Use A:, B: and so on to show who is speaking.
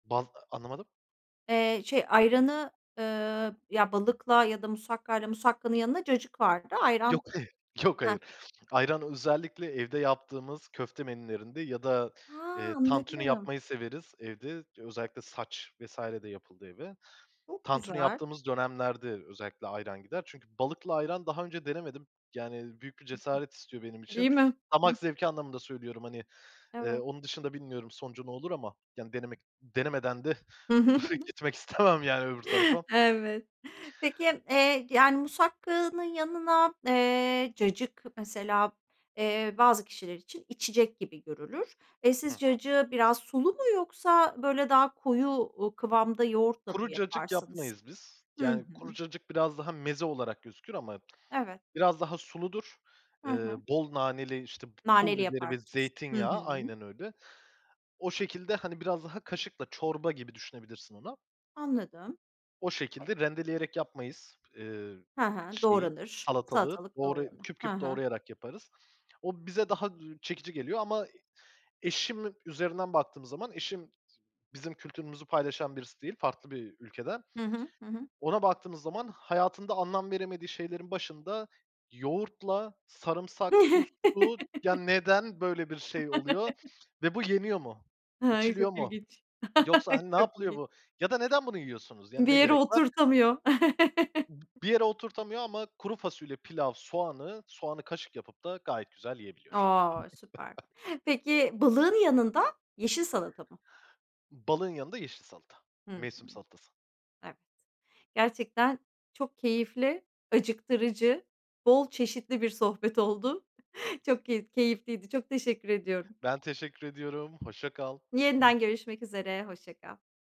A: Bal Anlamadım?
B: Eee, şey ayranı, ııı, ya balıkla ya da musakkayla Musakkanın yanında cacık vardı. Ayran
A: Yok hayır, yok
B: Hah.
A: hayır. Ayran özellikle evde yaptığımız köfte menülerinde ya da,
B: Ha!
A: eee, tantuni
B: Anladım.
A: yapmayı severiz evde. Özellikle sac vs. de yapıldığı gibi.
B: Çok
A: Tantuni
B: güzel.
A: yaptığımız dönemlerde özellikle ayran gider. Çünkü balıkla ayran daha önce denemedim. Yani, büyük bir cesaret istiyor benim için.
B: Değil mi? Hı.
A: Damak zevki anlamında söylüyorum, hani, eee,
B: Evet.
A: onun dışında bilmiyorum sonucu ne olur ama, yani, denemek denemeden de
B: Hı
A: bu
B: hı.
A: fikri, gitmek istemem, yani, öbür tarafa.
B: Evet. Peki, eee, yani, musakkanın yanına, eee, cacık mesela, eee, bazı kişiler için içecek gibi görülür. Eee,
A: Hı
B: siz
A: hı.
B: cacığı biraz sulu mu yoksa, böyle, daha koyu, ııı, kıvamda yoğurtla mı
A: Kuru cacık
B: yaparsınız?
A: yapmayız biz.
B: Hı
A: Yani, kuru
B: hı.
A: cacık biraz daha meze olarak gözükür ama
B: Evet.
A: biraz daha suludur.
B: Hı
A: Eee,
B: hı.
A: bol naneli, işte, pu pul
B: Naneli
A: biberi ve
B: yaparsınız. Hı
A: zeytinyağı...
B: hı.
A: Aynen öyle. O şekilde, hani, biraz daha kaşıkla çorba gibi düşünebilirsin onu.
B: Anladım.
A: O şekilde rendeleyerek yapmayız, eee,
B: Ha ha,
A: şeyi,
B: doğranır,
A: salatalığı
B: salatalık
A: doğra
B: doğranır.
A: küp
B: Ha
A: küp
B: ha.
A: doğrayarak yaparız. O bize daha, üüü, çekici geliyor ama eşim üzerinden baktığımız zaman, eşim bizim kültürümüzü paylaşan birisi değil farklı bir ülkeden.
B: Hı hı. Hı hı.
A: Ona baktığımız zaman hayatında anlam veremediği şeylerin başında yoğurtla, sarımsak, tuzlu, ya, neden böyle bir şey oluyor ve bu yeniyor mu,
B: Hay,
A: içiliyor
B: çok
A: mu,
B: ilginç,
A: yoksa, hani, ne
B: çok
A: yapılıyor
B: ilginç.
A: bu ya da neden bunu yiyorsunuz, yani,
B: Bir
A: ne
B: yere
A: gerek var?
B: oturtamıyor.
A: Bir yere oturtamıyor ama kuru fasulye, pilav, soğanı, soğanı kaşık yapıp da gayet güzel yiyebiliyor.
B: A! Süper. Peki balığın yanında, yeşil salata mı?
A: Balığın yanında yeşil salata,
B: Hı hı.
A: mevsim salatası.
B: Evet. Gerçekten çok keyifli, acıktırıcı, bol çeşitli bir sohbet oldu. Çok ke keyifliydi. Çok teşekkür ediyorum.
A: Ben teşekkür ediyorum, hoşça kal.
B: Yeniden görüşmek üzere, hoşça kal.